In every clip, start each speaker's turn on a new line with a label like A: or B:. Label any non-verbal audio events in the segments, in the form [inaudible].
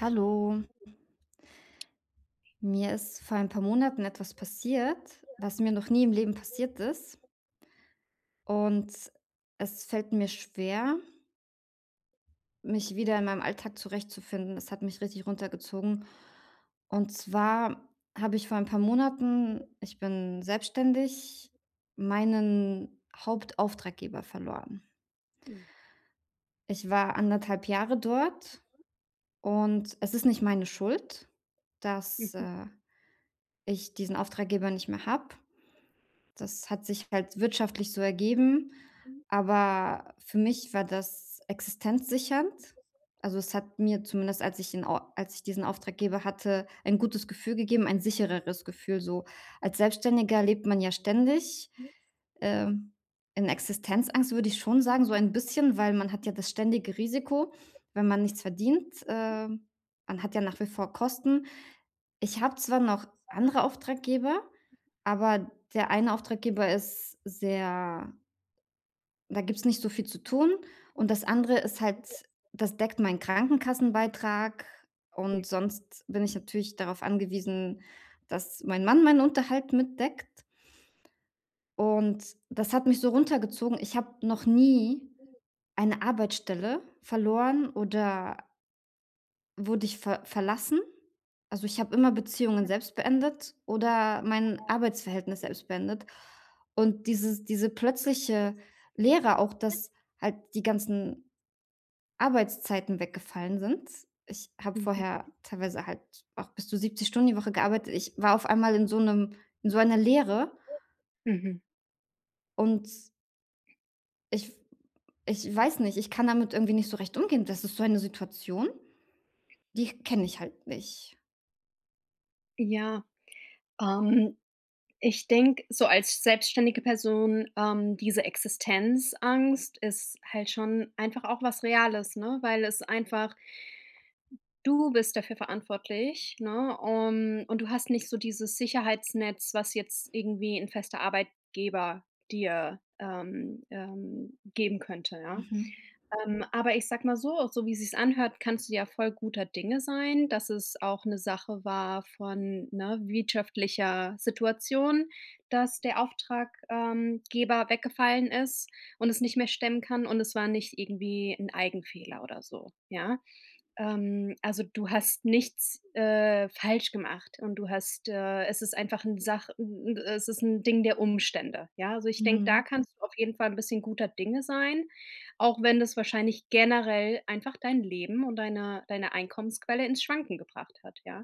A: Hallo. Mir ist vor ein paar Monaten etwas passiert, was mir noch nie im Leben passiert ist und es fällt mir schwer mich wieder in meinem Alltag zurechtzufinden. Das hat mich richtig runtergezogen. Und zwar habe ich vor ein paar Monaten- ich bin selbstständig- meinen Hauptauftraggeber verloren.
B: Hm.
A: Ich war 1 1/2 Jahre dort. Und es ist nicht meine Schuld, dass,
B: Mhm.
A: äh, ich diesen Auftraggeber nicht mehr habe. Das hat sich halt wirtschaftlich so ergeben.
B: Mhm.
A: Aber für mich war das existenzsichernd. Also, es hat mir zumindest, als ich in Or als ich diesen Auftraggeber hatte, ein gutes Gefühl gegeben, ein sichereres Gefühl. So als Selbstständiger lebt man ja ständig,
B: [unintelligible]
A: ähm, in Existenzangst, würde ich schon sagen, so ein bisschen, weil man hat ja das ständige Risiko, wenn man nichts verdient. Ähm, man hat ja nach wie vor Kosten. Ich habe zwar noch andere Auftraggeber, aber der eine Auftraggeber ist sehr da gibt's nicht so viel zu tun. Und das andere ist halt das deckt meinen Krankenkassenbeitrag, und sonst bin ich natürlich darauf angewiesen, dass mein Mann meinen Unterhalt mitdeckt. Und das hat mich so runtergezogen. Ich habe noch nie eine Arbeitsstelle verloren, oder wurde ich ver verlassen. Also, ich habe immer Beziehungen selbst beendet oder mein Arbeitsverhältnis selbst beendet. Und dieses diese plötzliche Leere auch, dass halt die ganzen Arbeitszeiten weggefallen sind. Ich habe
B: Mhm.
A: vorher teilweise halt auch bis zu 70 Stunden die Woche gearbeitet. Ich war auf einmal in so 'nem in so einer Leere.
B: Mhm.
A: Und Ich ich weiß nicht. Ich kann damit irgendwie nicht so recht umgehen. Das ist so eine Situation, die kenne ich halt nicht.
B: Ja. Ähm, ich denke, so als selbstständige Person, ähm, diese Existenzangst ist halt schon einfach auch was Reales, ne? Weil es einfach Du bist dafür verantwortlich, ne? Un und du hast nicht so dieses Sicherheitsnetz, was jetzt irgendwie 'n fester Arbeitgeber dir, ähm, ähm, geben könnte, ja?
A: Mhm.
B: Ähm, aber ich sage mal so, so wie sich's anhört, kannst du ja voll guter Dinge sein, dass es auch 'ne Sache war von, ne, wirtschaftlicher Situation, dass der Auftrag ähm, Geber weggefallen ist und es nicht mehr stemmen kann und es war nicht irgendwie 'n Eigenfehler oder so, ja? Ähm, also, du hast nichts, äh, falsch gemacht und du hast äh, es ist einfach 'n Sach 'n 'n äh, es ist 'n Ding der Umstände, ja? Also, ich denke, da
A: Mhm.
B: kannst du auf jeden Fall 'n bisschen guter Dinge sein, auch wenn das wahrscheinlich generell einfach dein Leben und deine deine Einkommensquelle ins Schwanken gebracht hat, ja?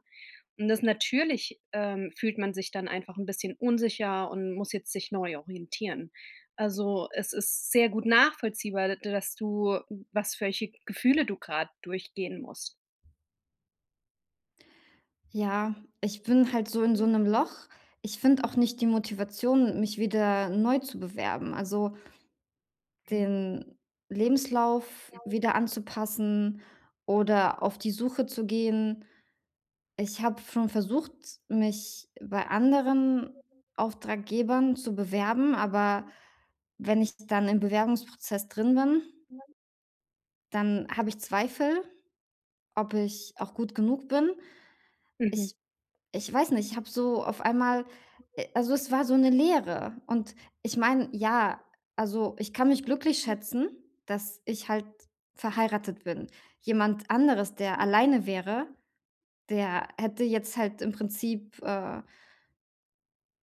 B: Und das natürlich, ähm, fühlt man sich dann einfach 'n bisschen unsicher und muss jetzt sich neu orientieren. Also, es ist sehr gut nachvollziehbar, d dass du, was welche Gefühle du gerade durchgehen musst.
A: Ja, ich bin halt so in so 'nem
B: [unintelligible]
A: Loch. Ich finde auch nicht die Motivation, mich wieder neu zu bewerben, also
B: Hm.
A: den
B: Das
A: Lebenslauf
B: glaube
A: wieder anzupassen oder auf die Suche zu gehen. Ich habe schon versucht, mich bei anderen Auftraggebern zu bewerben, aber wenn ich dann im Bewerbungsprozess drin bin
B: [unintelligible]
A: dann habe ich Zweifel, ob ich auch gut genug bin.
B: Mhm.
A: Ich ich weiß nicht. Ich habe so auf einmal äh, also, es war so 'ne Leere. Und ich meine
B: [unintelligible]
A: ja, also, ich kann mich glücklich
B: [unintelligible]
A: schätzen, dass ich halt verheiratet bin. Jemand anderes, der alleine wäre,
B: [unintelligible]
A: der hätte jetzt halt im Prinzip, äh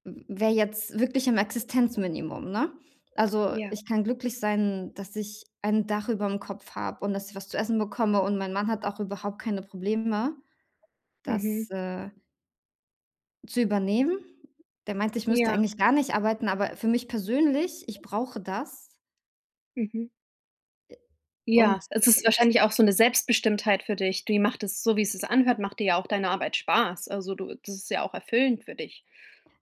A: w wäre jetzt wirklich im Existenzminimum, ne? Also,
B: Ja.
A: ich kann glücklich sein, dass ich ein Dach überm Kopf habe und dass ich was zu essen bekomme und mein Mann hat auch überhaupt keine Probleme,
B: Mhm.
A: dass äh Zu übernehmen. Der meinte, ich müsste
B: Ja.
A: eigentlich gar nicht arbeiten, aber für mich persönlich ich brauche das.
B: Mhm.
A: Äh, und
B: Ja, es ist wahrscheinlich auch so 'ne Selbstbestimmtheit für dich. Dir macht das so, wie es sich's anhört, macht dir ja auch deine Arbeit Spaß. Also, du das ist ja auch erfüllend für dich.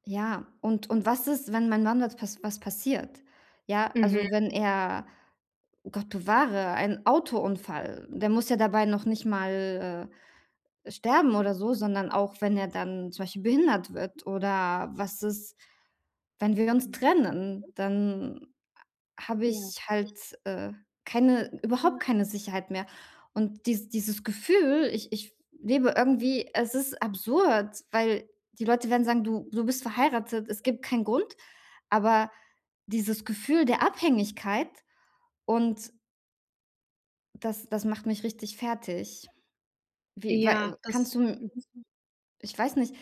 A: Ja, und und was ist, wenn mein Mann wat was was passiert? Ja,
B: Mhm.
A: also, wenn er- Gott bewahre- ein Autounfall der muss ja dabei noch nicht mal, äh, sterben oder so, sondern auch wenn er dann zum Beispiel behindert wird oder was ist wenn wir uns
B: Mhm.
A: trennen, dann a habe
B: Ja.
A: ich halt, äh, keine
B: Hm.
A: überhaupt keine Sicherheit mehr und dies dieses Gefühl ich ich f lebe irgendwie es ist absurd, weil die Leute werden sagen: „Du du bist verheiratet, es gibt keinen Grund“, aber dieses Gefühl der Abhängigkeit und das das macht mich richtig fertig. Wie
B: Ja,
A: wei
B: das
A: kannst du m
B: mhm.
A: ich weiß nicht.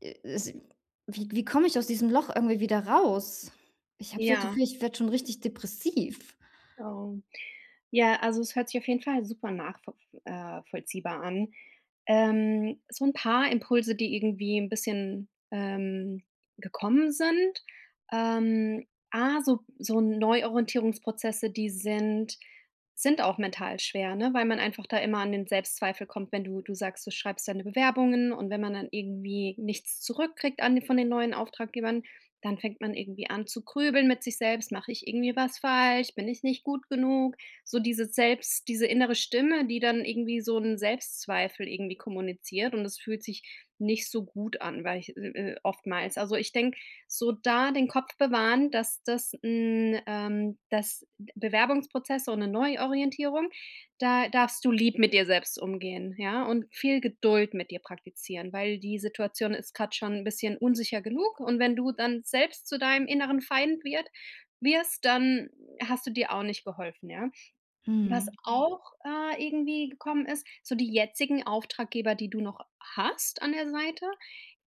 A: Äh, es wie k wie komme ich aus diesem Loch irgendwie wieder raus? Ich habe so das
B: Ja.
A: Gefühl, ich werde schon richtig depressiv.
B: Ähm. Ja, also, es hört sich auf jeden Fall super nachvo f äh, vollziehbar an. Ähm, so 'n paar Impulse, die irgendwie 'n bisschen, ähm, gekommen sind. Ähm, A: so so Neuorientierungsprozesse, die sind sind auch mental schwer, ne, weil man einfach da immer an den Selbstzweifel kommt, wenn du du sagst, du schreibst deine Bewerbungen und wenn man dann irgendwie nichts zurückkriegt an de von den neuen Auftraggebern, dann fängt man irgendwie an zu grübeln mit sich selbst: „Mache ich irgendwie was falsch, bin ich nicht gut genug“, so diese selbst diese innere Stimme, die dann irgendwie so 'n Selbstzweifel irgendwie kommuniziert und das fühlt sich nicht so gut an, weil ich äh, äh, oftmals. Also, ich denke, so da den Kopf bewahren, dass das hm, ähm, das B Bewerbungsprozess so 'ne Neuorientierung, da darfst du lieb mit dir selbst umgehen, ja, und viel Geduld mit dir praktizieren, weil die Situation ist grad schon bisschen unsicher genug und wenn du dann selbst zu deinem inneren Feind wird wirst, dann hast du dir auch nicht geholfen, ja? Was
A: Mhm.
B: auch, äh, irgendwie gekommen ist, so die jetzigen Auftraggeber, die du noch hast an der Seite,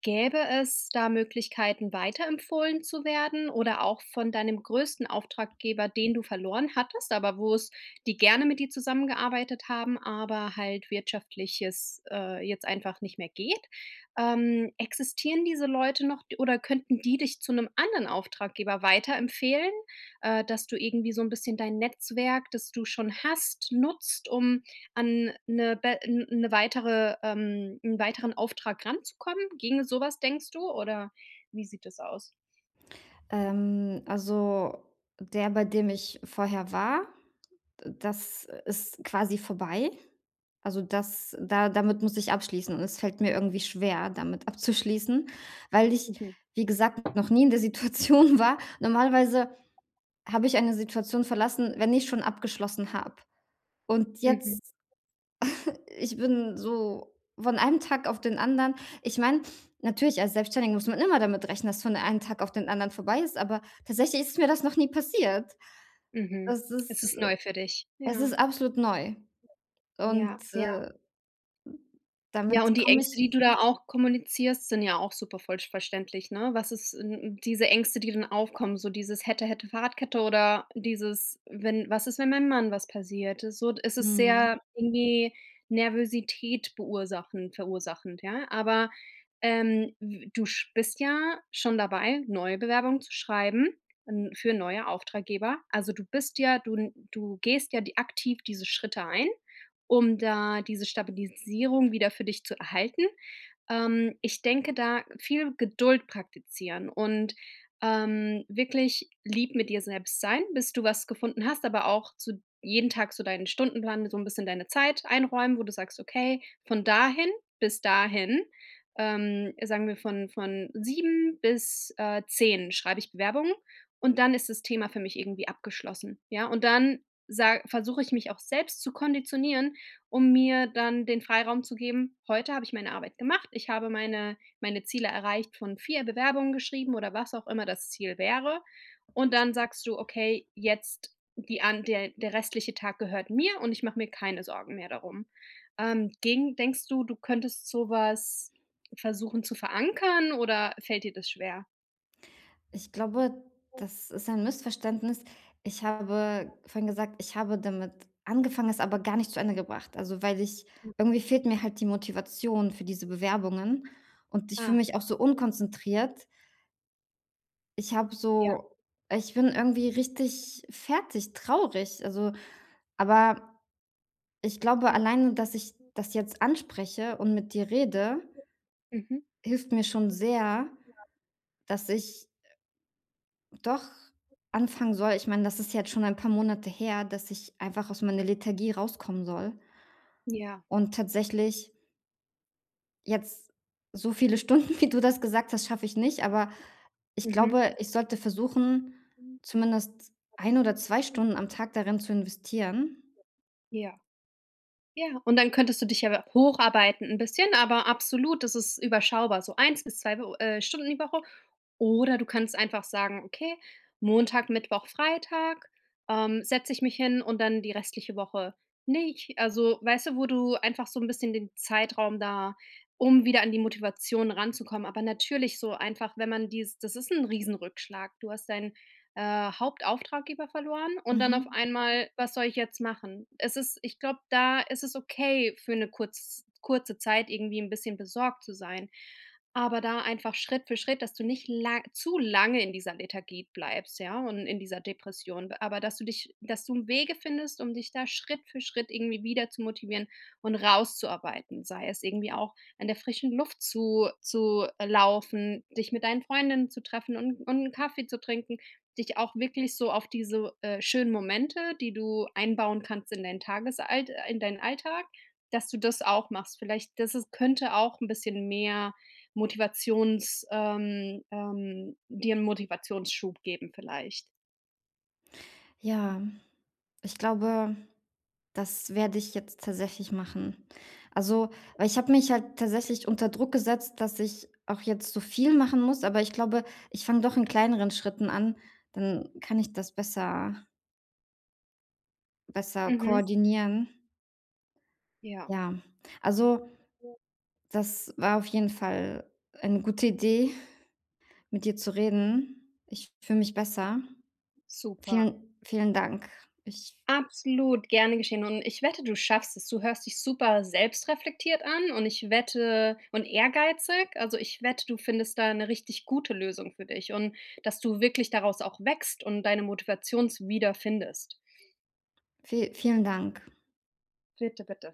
B: gäbe es da Möglichkeiten weiterempfohlen zu werden oder auch von deinem größten Auftraggeber, den du verloren hattest, aber wo's die gerne mit dir zusammengearbeitet haben, aber halt wirtschaftlich es, äh, jetzt einfach nicht mehr geht. Ähm, existieren diese Leute noch d oder könnten die dich zu 'nem anderen Auftraggeber weiterempfehlen, äh, dass du irgendwie so 'n bisschen dein Netzwerk, das du schon hast, nutzt, um an 'ne be n 'ne weitere ähm, 'n weiteren Auftrag ranzukommen, ginge so was denkst du, oder wie sieht das aus?
A: Ähm, also, der, bei dem ich vorher war, äh, das ist quasi vorbei. Also, das da damit muss ich abschließen und es fällt mir irgendwie schwer damit abzuschließen, weil ich,
B: Mhm.
A: wie gesagt, noch nie in der Situation war. Normalerweise habe ich eine Situation verlassen, wenn ich schon abgeschlossen habe und
B: Mhm.
A: jetzt [chuckles] Ich bin
B: Mhm.
A: so von einem Tag auf den anderen ich meine, natürlich, als Selbstständige muss man immer damit rechnen, dass es von einem Tag auf den anderen vorbei ist, aber tatsächlich ist mir das noch nie passiert.
B: Mhm.
A: Das
B: Es
A: ist,
B: ist
A: äh
B: neu für dich.
A: es
B: Ja.
A: ist absolut neu.
B: Ja,
A: Und,
B: ja.
A: äh, hm,
B: Ja,
A: damit
B: und die
A: komme ich
B: Ängste, die du da auch kommunizierst, sind ja auch super vollsch verständlich, ne? Was ist sind 'n diese Ängste, die dann aufkommen, so dieses: „Hätte hätte Fahrradkette,“ oder dieses: „Wenn was ist, wenn meinem Mann was passiert,“ so d es ist
A: Mhm.
B: sehr irgendwie Nervosität verursachend verursachend, ja? Aber, ähm, w du sch bist ja schon dabei, neue Bewerbungen zu schreiben n für neue Auftraggeber also, du bist ja du n du gehst ja d aktiv diese Schritte ein, um da diese Stabilisierung wieder für dich zu erhalten. Ähm, ich denke da viel Geduld praktizieren und, ähm, wirklich lieb mit dir selbst sein, bis du was gefunden hast, aber auch zu jeden Tag so deinen Stundenplan, mit so 'n bisschen deine Zeit einräumen, wo du sagst: „Okay, von dahin bis dahin, ähm, sagen wir von von 7 bis, äh, 10 schreibe ich Bewerbungen und dann ist das Thema für mich irgendwie abgeschlossen“, ja? Und dann sa versuche ich mich auch selbst zu konditionieren, um mir dann den Freiraum zu geben: „Heute habe ich meine Arbeit gemacht, ich habe meine meine Ziele erreicht von 4 Bewerbungen geschrieben,“ oder was auch immer das Ziel wäre und dann sagst du: „Okay, jetzt die an der der restliche Tag gehört mir und ich mache mir keine Sorgen mehr darum.“ Ähm, ginge denkst du, du könntest sowas versuchen zu verankern, oder fällt dir das schwer?
A: Ich glaube,
B: Hm.
A: das ist ein Missverständnis. Ich habe vorhin gesagt, ich habe damit angefangen, es aber gar nicht zu Ende gebracht. Also, weil ich
B: Hm.
A: irgendwie fehlt mir halt die Motivation für diese Bewerbungen, und ich fühle
B: Ah.
A: mich auch so unkonzentriert. Ich habe
B: Ja.
A: so ich bin irgendwie
B: [unintelligible]
A: richtig fertig, traurig, also aber ich glaube
B: Ja.
A: alleine, dass ich das jetzt anspreche und mit dir rede
B: Mhm.
A: hilft mir schon sehr, dass ich doch anfangen soll. Ich meine, das ist ja jetzt schon ein paar Monate her, dass ich einfach aus meiner Lethargie rauskommen soll.
B: Ja.
A: Und tatsächlich jetzt so viele Stunden, wie du das gesagt hast, schaffe ich nicht. Aber ich
B: Mhm.
A: glaube, ich sollte versuchen,
B: Hm.
A: zumindest eine oder 2 Stunden am Tag darin zu investieren.
B: Ja. Ja, und dann könntest du dich ja hocharbeiten 'n bisschen, aber absolut, das ist überschaubar, so 1 bis 2, w äh, Stunden die Woche, oder du kannst einfach sagen: „Okay, Montag, Mittwoch, Freitag, ähm, setze ich mich hin und dann die restliche Woche nicht.“ Also, weißt du, wo du einfach so 'n bisschen den Zeitraum da um wieder an die Motivation ranzukommen. Aber natürlich so einfach, wenn man die das ist 'n riesen Rückschlag. Du hast deinen, äh, Hauptauftraggeber verloren und dann auf
A: Mhm.
B: einmal: „Was soll ich jetzt machen?“ Es ist ich glaube, da ist es okay für 'ne kurz kurze Zeit irgendwie 'n bisschen besorgt zu sein. Aber da einfach Schritt für Schritt, dass du nicht la zu lange in dieser Lethargie bleibst, ja, und in dieser Depression b Aber dass du dich dass du im Wege findest, um dich da Schritt für Schritt irgendwie wieder zu motivieren und rauszuarbeiten, sei es irgendwie auch an der frischen Luft zu zu, äh, laufen, dich mit deinen Freundinnen zu treffen und und 'n Kaffee zu trinken, dich auch wirklich so auf diese, äh, schönen Momente, die du einbauen kannst in dein Tagesalt in deinen Alltag, dass du das auch machst. Vielleicht, dass es könnte auch 'n bisschen mehr Motivations ähm, ähm, dir 'n Motivationsschub geben vielleicht.
A: Ja, ich glaube, das werde ich jetzt tatsächlich machen. Also, weil ich habe mich halt tatsächlich unter Druck gesetzt, dass ich auch jetzt so viel machen muss. Aber ich glaube, ich fange doch in kleineren Schritten an. Dann kann ich das besser besser
B: Mhm.
A: koordinieren.
B: Ja.
A: Ja. Also, das war auf jeden Fall eine gute Idee, mit dir zu reden. Ich fühle mich besser.
B: Super.
A: Vielen, vielen Dank. Ich
B: Absolut gerne geschehen. Und ich wette, du schaffst es. Du hörst dich super selbstreflektiert an und ich wette und ehrgeizig. Also ich wette, du findest da 'ne richtig gute Lösung für dich und dass du wirklich daraus auch wächst und deine Motivations wieder findest.
A: Vie vielen Dank.
B: Bitte, bitte.